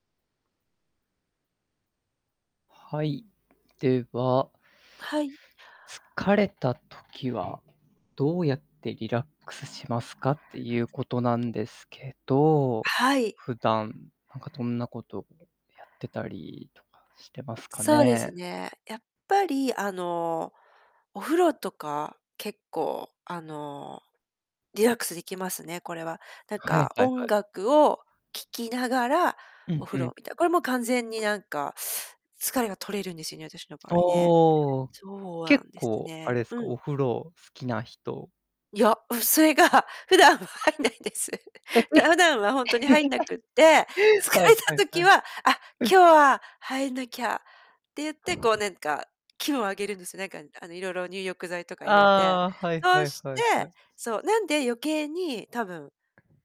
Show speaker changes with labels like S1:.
S1: はい。では
S2: はい。
S1: 疲れた時は、どうやってリラックスしますかっていうことなんですけど、
S2: はい。
S1: 普段、なんかどんなことやってたりとかしてますか
S2: そうです
S1: ね？
S2: ね。やっぱりあの、お風呂とか、結構あの、リラックスできますね、これは。なん
S1: はい
S2: か
S1: はいは
S2: 音
S1: い。
S2: 楽を聴きながら、
S1: う
S2: お
S1: ん
S2: 風
S1: うん。
S2: 呂みたいな。これ、もう完全になんか、疲れが取れるんですよね、私の場合ね。
S1: おお。
S2: そうあ
S1: 結
S2: んです
S1: 構、あれ
S2: ね。
S1: ですか、
S2: うん。
S1: お風呂好きな人。
S2: いや、それが、普段は入んないんです。普段はほんとに入んなくって、疲
S1: はい
S2: れた
S1: はいは
S2: 時
S1: い。
S2: は「あ、今日は入んなきゃ」って言って、こうなんか、気分を上げるんですよ。なんか、あの、色々入浴剤とか入れて。
S1: ああ。はい
S2: そ
S1: はい
S2: し
S1: は
S2: て、
S1: いはい。
S2: そう、なんで余計に、多分